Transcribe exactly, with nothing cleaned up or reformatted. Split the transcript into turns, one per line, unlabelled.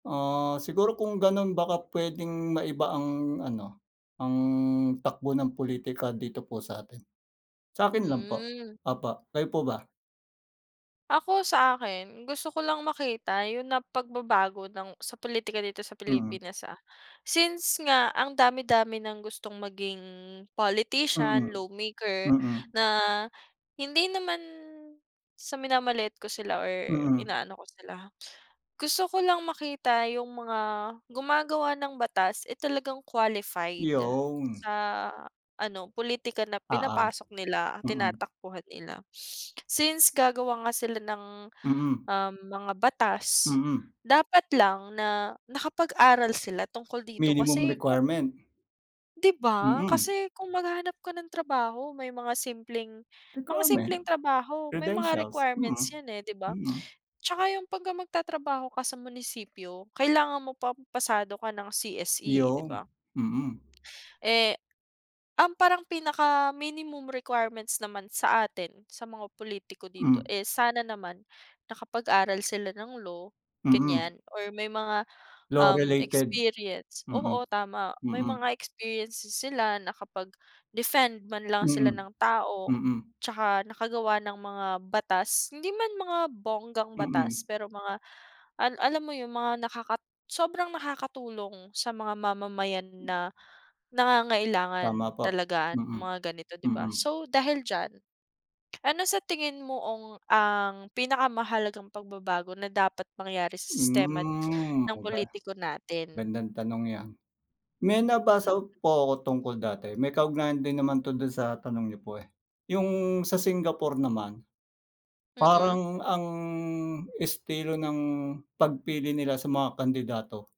Ah, siguro kung ganun baka puwedeng maiba ang ano, ang takbo ng politika dito po sa atin. Sa'kin lang po,
Hmm.
opo. Kayo po ba?
Ako sa akin, gusto ko lang makita yung na pagbabago ng sa politika dito sa
Mm.
Pilipinas, ah. Since nga ang dami-dami ng gustong maging
Mm,
politician, lawmaker,
mm.
na hindi naman sa minamaliit ko sila or
Mm.
inaano ko sila ha. Gusto ko lang makita yung mga gumagawa ng batas, eh talagang qualified,
Yown.
sa ano pulitika na
Oo,
pinapasok nila,
mm.
tinatakbuhan nila. Since gagawa nga sila ng,
Mm.
um, mga batas,
Mm.
dapat lang na nakapag-aral sila tungkol dito
Minimum
kasi ku
requirement.
'Di ba?
Mm.
Kasi kung maghahanap ka ng trabaho may mga simpleng, mga
Requirement,
simpleng trabaho may mga
credentials,
requirements
mm,
yan eh,'di ba?
mm.
Tsaka yung pagka magtatrabaho ka sa munisipyo kailangan mo pa pasado ka ng C-S-E, 'di
Yown,
ba?
mm.
Eh, ang parang pinaka minimum requirements naman sa atin sa mga pulitiko dito,
Hmm.
eh sana naman nakapag-aral sila ng law,
Mm.
ganiyan or may mga,
Law
um,
related,
experience
mm.
oo tama may
Mm.
mga experiences sila nakapag-defend man lang sila
Mm.
ng tao,
Mm.
tsaka nakagawa ng mga batas, hindi man mga bonggang batas,
Mm.
pero mga al alam mo yung mga nakaka sobrang nakakatulong sa mga mamamayan na
Tama
nangangailangan
po,
talaga ng
mm,
mga ganito, 'di ba.
mm.
So dahil diyan, ano sa tingin mo ong ang pinakamahalagang pagbabago na dapat mangyari sa si sistema n
Hmm,
ng
okey.
pulitiko natin?
Gandang tanong yan. May
Hmm.
nabasa po ako tungkol dati may kaugnayan din naman 'to dun sa tanong niyo po, eh. Yung sa Singapore naman,
Mm.
parang ang, estilo ng pagpili nila sa mga kandidato.